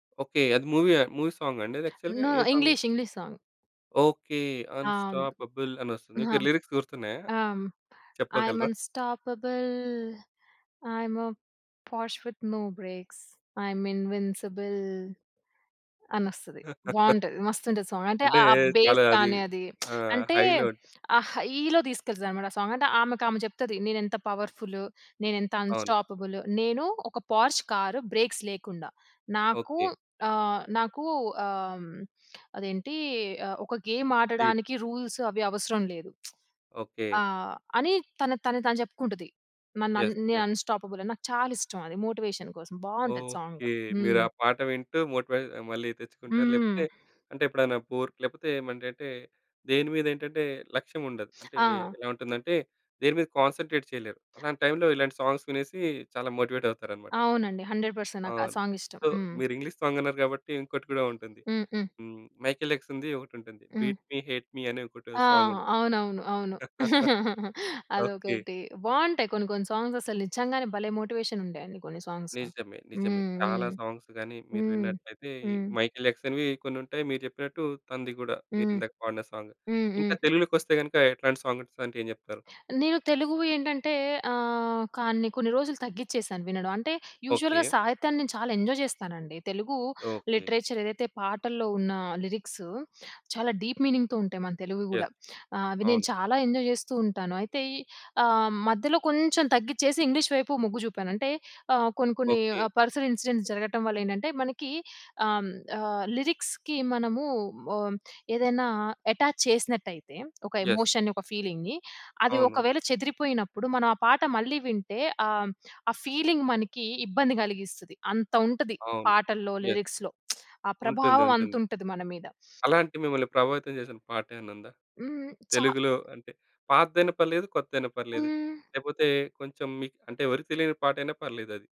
Okay. అది మూవీయా movie సాంగండి అది యాక్చువల్‌గా నో. ఏ song? English, English song. Okay. అవును. అన్స్టాపబుల్ అని వస్తుంది. అహా! ఓకే. లిరిక్స్ గుర్తున్నాయా? ఆహ్, ఐఎం చెప్పగలరా? Unstoppable I'm Porsche with no brakes I'm invincible. అని వస్తది బావుంటది. మస్తు ఉంటది సాంగ్. అంటే అంటే ఆహ్, ఆ చాలా బేస్ అది కానీ అది ఆహ్, అంటే హైలో ఆ హైలో తీసుకెళ్తాది అన్నమాట ఆ సాంగ్. అంటే ఆమెకు ఆమె చెప్తది నేనెంత పవర్ఫులు, నేనెంత అవును. అన్స్టాపబులు, నేను ఒక 'పోర్ష్' కార్ బ్రేక్స్ లేకుండా నాకు ఓకే. ఆహ్, నాకు ఆహ్, అదేంటి ఆహ్, ఒక గేమ్ ఆ! స్పీడు. ఆడడానికి రూల్స్ అవి అవసరం లేదు. ఆ! ఓకే. అని తనకు తానే తాను చెప్పుకుంటది. నాన‌న్ యస్, నేను యస్. అన్స్టాపబుల్ అని నాకు చాలిష్టం. అది మోటివేషన్ కోసం బావుంటది ఓకే. సాంగు. మీరు హ్మ్. ఆ పాట వింటూ మోటివేట్ మళ్ళీ తెచ్చుకుంటారు. హ్మ్. లేపోతే అంటే ఎప్పుడైనా బోర్ లేకపోతే ఏమంటేటే దేని మీద ఏంటంటే లక్ష్యం ఉండదు. అంటే ఆ! ఎలా ఉంటుందంటే దేనిమీద కాన్సంట్రేట్ చేయలేరు. అలాంటి టైంలో ఇలాంటి సాంగ్స్ వినేసి చాలా మోటివేట్ అవుతారన్నమాట. అవునండి. 100% నాకా అవును. సాంగిష్టం. సో హ్మ్. మీరు ఇంగ్లీష్ సాంగ్ అన్నారు కాబట్టి ఇంకోటి కూడా ఉంటుంది. హ్మ్. హ్మ్. హ్మ్. 'మైకెల్ జాక్సన్‌ది' ఒకటుంటుంది. హ్మ్. 'బీట్‌మి హేట్‌మి' అని ఒక‌టి ఆ! సాంగ్ ఉంటుంది. అవునవును. అవును. ఓకే. అదొకటి. బావుంటాయి. కొన్ని కొన్ని సాంగ్స్ అసలు నిజంగానే భలే మోటివేషన్ ఉండే అండి కొన్ని సాంగ్సు. నిజమే. నిజమే. హ్మ్. చాలా హ్మ్. సాంగ్స్ గాని మీరు హ్మ్. విన్నట్లైతే హ్మ్. 'మైకెల్ జాక్సన్‌‌వి' కొన్ని ఉంటాయి. మీరు చెప్పినట్టు తనది కూడా మీరు హ్మ్. ఇందాక పాడిన సాంగ్. హ్మ్. ఇంకా హ్మ్. తెలుగులోకొస్తే గనక ఎట్లాంటి సాంగ్స్ అంటే ఏం చెప్తారు? నేను తెలుగు‌వి ఏంటంటే ఆహ్, కాని కొన్ని రోజులు తగ్గించేశాను వినడం. అంటే యూజువల్‌గా ఓకే. సాహిత్యాన్ని నేను చాలా ఎంజాయ్ చేస్తానండి. తెలుగు ఓకే. లిటరేచర్ ఏదైతే పాటల్లో ఉన్న లిరిక్సు చాలా డీప్ మీనింగ్‌తో ఉంటాయి మన తెలుగు‌వి గూడా. యస్. ఆహ్, అవి నేను అవును. చాలా ఎంజాయ్ చేస్తూ ఉంటాను. అయితే ఆహ్, మధ్యలో కొంచెం తగ్గిచ్చేసి ఇంగ్లీష్ వైపు మొగ్గు చూపాను. అంటే ఆహ్, కొన్ని కొన్ని ఓకే. ఆ పర్సనల్ ఇన్సిడెంట్స్ జరగటం వ‌లేంటంటే మనకి అం ఆహ్, లిరిక్స్‌కి మనము ఆహ్, ఏదైనా అటాచ్ చేసినట్టయితే ఒక యస్. ఎమోషన్‌ని ఒక ఫీలింగ్‌ని అది అవును. ఒకవేళ చెదిరిపోయినప్పుడు మనం ఆ పాట మళ్ళీ వింటే ఆహ్, ఆ ఫీలింగ్ మనకి ఇబ్బంది కలిగిస్తది. అంత ఉంటది. అవును. పాటల్లో, యస్. లిరిక్స్‌లో ఆ ఉంటుంది. ప్రభావం అంత ఉంటుంది. ఉంటది మన మీద. అలాంటి మిమ్మల్ని ప్రభావితం చేసిన పాటేమైనా ఉందా? హ్మ్. చా తెలుగులో అంటే పాతదైన పర్లేదు, కొత్తదైనా పర్లేదు. హ్మ్. లేకపోతే కొంచెం మీకు అంటే ఎవరికీ తెలియని పాటైనా పర్లేదది.